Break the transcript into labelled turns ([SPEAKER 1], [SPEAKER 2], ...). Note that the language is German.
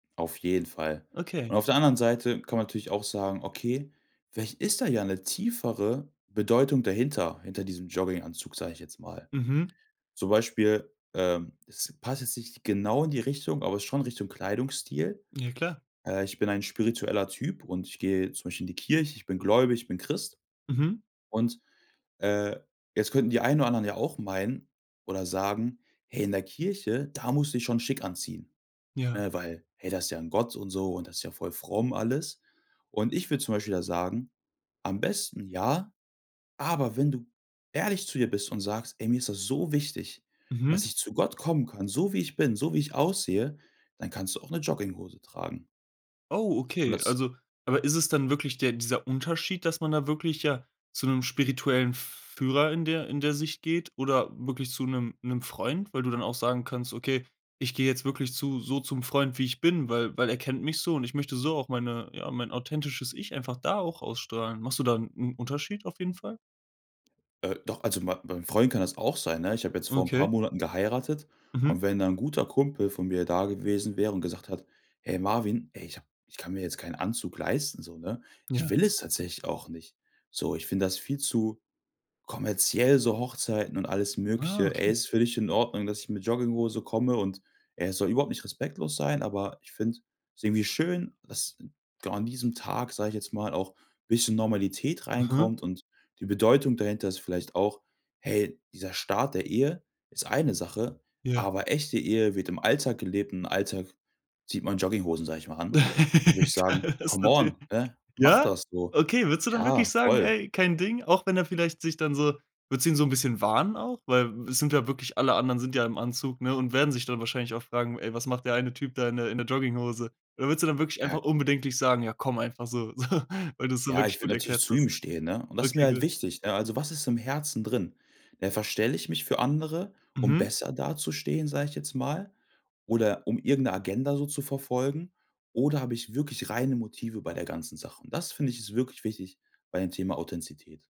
[SPEAKER 1] Auf jeden Fall.
[SPEAKER 2] Okay.
[SPEAKER 1] Und auf der anderen Seite kann man natürlich auch sagen: „Okay, vielleicht ist da ja 'ne tiefere Bedeutung dahinter, hinter diesem Jogginganzug." sag ich jetzt mal.
[SPEAKER 2] Mhm.
[SPEAKER 1] Zum Beispiel, ähm, es passt jetzt nicht genau in die Richtung, aber ist schon Richtung Kleidungsstil.
[SPEAKER 2] Ja, klar.
[SPEAKER 1] Äh, ich bin ein spiritueller Typ und ich gehe zum Beispiel in die Kirche, ich bin gläubig, ich bin Christ.
[SPEAKER 2] Mhm.
[SPEAKER 1] Und, äh, jetzt könnten die einen oder anderen ja auch meinen oder sagen: „Hey, in der Kirche, da musst du dich schon schick anziehen.
[SPEAKER 2] Ja.
[SPEAKER 1] Ne? Weil hey, das ist ja 'n Gott und so und das ist ja voll fromm alles." Und ich würde zum Beispiel da sagen, am besten ja, aber wenn du ehrlich zu dir bist und sagst: „Ey, mir ist das so wichtig, dass
[SPEAKER 2] Mhm.
[SPEAKER 1] ich zu Gott kommen kann, so wie ich bin, so wie ich aussehe." Dann kannst du auch 'ne Jogginghose tragen.
[SPEAKER 2] Oh,
[SPEAKER 1] Und
[SPEAKER 2] okay,
[SPEAKER 1] das
[SPEAKER 2] also aber ist es dann wirklich der dieser Unterschied, dass man da wirklich ja zu 'nem spirituellen F Führer in der in der Sicht geht oder wirklich zu 'nem 'nem Freund, weil du dann auch sagen kannst: „Okay, ich geh jetzt wirklich zu so zum Freund, wie ich bin, weil weil er kennt mich so und ich möchte so auch meine ja, mein authentisches Ich einfach da auch ausstrahlen.“ Machst du da 'n 'n Unterschied auf jeden Fall?
[SPEAKER 1] Äh, doch, also mein beim Freund kann das auch sein, ne? Ich hab jetzt vor 'n paar
[SPEAKER 2] Okay.
[SPEAKER 1] Monaten geheiratet und
[SPEAKER 2] Mhm.
[SPEAKER 1] wenn da 'n guter Kumpel von mir da gewesen wäre und gesagt hat: „Ey, Marvin, ey, ich hab ich kann mir jetzt keinen Anzug leisten so, ne? Ich
[SPEAKER 2] Ja.
[SPEAKER 1] will es tatsächlich auch nicht. So, ich find das viel zu kommerziell so Hochzeiten und alles
[SPEAKER 2] Ah,
[SPEAKER 1] Mögliche, ey,
[SPEAKER 2] okay.
[SPEAKER 1] ist für dich in Ordnung, dass ich mit Jogginghose komme und, ey, es soll überhaupt nicht respektlos sein, aber ich find's irgendwie schön, dass genau an diesem Tag, sage ich jetzt mal, auch bisschen Normalität
[SPEAKER 2] Aha.
[SPEAKER 1] reinkommt und die Bedeutung dahinter ist vielleicht auch, hey, dieser Start der Ehe ist eine Sache,
[SPEAKER 2] Ja.
[SPEAKER 1] aber echte Ehe wird im Alltag gelebt und im Alltag zieht man Jogginghosen, sage ich mal, an." Dann würd ich sagen:
[SPEAKER 2] Das ist
[SPEAKER 1] „Come
[SPEAKER 2] natürlich
[SPEAKER 1] on ne? Mach
[SPEAKER 2] Ja?
[SPEAKER 1] das so."
[SPEAKER 2] Okay, würdest du dann
[SPEAKER 1] Ja,
[SPEAKER 2] wirklich sagen:
[SPEAKER 1] voll.
[SPEAKER 2] „Ey, kein Ding." Auch wenn er vielleicht sich dann so würdest du ihn so 'n bisschen warnen auch? Weil, es sind ja wirklich alle anderen sind ja im Anzug, ne? Und werden sich dann wahrscheinlich auch fragen: „Ey, was macht der eine Typ da in der in der Jogginghose?" Da würdest du dann wirklich einfach
[SPEAKER 1] Ja.
[SPEAKER 2] unbedenklich sagen: „Ja, komm einfach so. So, weil du's so
[SPEAKER 1] Ja,
[SPEAKER 2] wirklich
[SPEAKER 1] ich
[SPEAKER 2] gut
[SPEAKER 1] würde natürlich
[SPEAKER 2] erklärt
[SPEAKER 1] zu ihm
[SPEAKER 2] hast."
[SPEAKER 1] stehen, ne? Und das ist mir
[SPEAKER 2] Okay,
[SPEAKER 1] halt
[SPEAKER 2] gut.
[SPEAKER 1] wichtig, ne? Also, was ist im Herzen drin? Ja, verstelle ich mich für andere, um
[SPEAKER 2] Mhm.
[SPEAKER 1] besser dazustehen, sag ich jetzt mal? Oder um irgend 'ne Agenda so zu verfolgen? Oder habe ich wirklich reine Motive bei der ganzen Sache? Und das, finde ich, ist wirklich wichtig bei dem Thema Authentizität.